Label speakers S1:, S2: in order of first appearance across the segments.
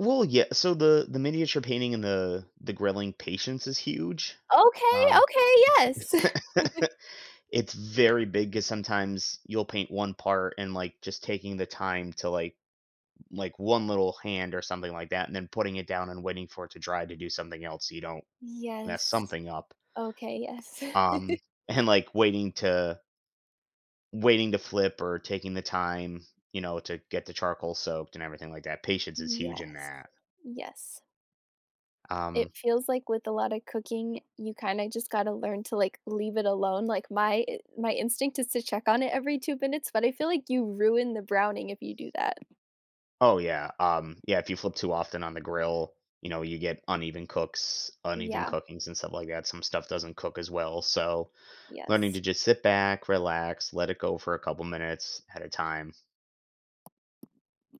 S1: Well, yea so the the miniature painting and the the grilling patience is huge,
S2: Okay,
S1: um
S2: okay, yes.
S1: It's very big 'cause sometimes you'll paint one part and, like, just taking the time to, like like, 1 little hand or something like that, and then putting it down and waiting for it to dry to do something else so you don't mess
S2: Yes,
S1: something up
S2: okay, yes.
S1: um, and like, waiting to waiting to flip or taking the time, you know, to get the charcoal soaked and everything like that. Patience is huge in
S2: Yes,
S1: that.
S2: yes. It
S1: Um
S2: feels like with a lotta cooking, you kinda just gotta learn to, like, leave it alone. Like, my i my instinct is to check on it every 2 minutes, but I feel like you ruin the browning if you do that.
S1: Oh, yeah. Um, yeah, if you flip too often on the grill, you know, you get uneven cooks uneven
S2: Yeah.
S1: cooking, and stuff like that. Some stuff doesn't cook as well, so learning
S2: Yes.
S1: to just sit back, relax, let it go for a couple minutes at a time.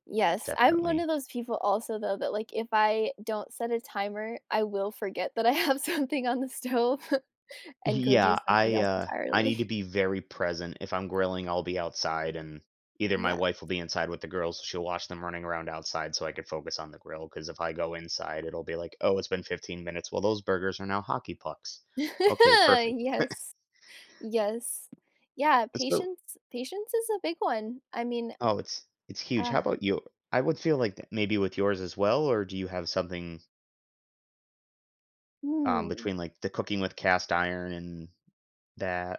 S2: Yes, I'm one
S1: Definitely.
S2: of those people also, though, that, like, if I don't set a timer, I will forget that I have something on the stove and go do
S1: Yeah,
S2: something
S1: I,
S2: else
S1: uh I need to
S2: entirely.
S1: be very present. If I'm grilling, I'll be outside, and either my
S2: Yeah.
S1: wife will be inside with the girls, she'll watch them running around outside so I could focus on the grill 'cause if I go inside, it'll be like, "Oh, it's been 15 minutes. Well, those burgers are now hockey pucks. Okay, perfect."
S2: Yes, yes. Yeah,
S1: It's so
S2: patience patience is a big one. I mean,
S1: Oh, it's it's huge.
S2: uh
S1: How about you? I would feel like maybe with yours as well, or do you have something um,
S2: Mm.
S1: between, like, the cooking with cast iron and that?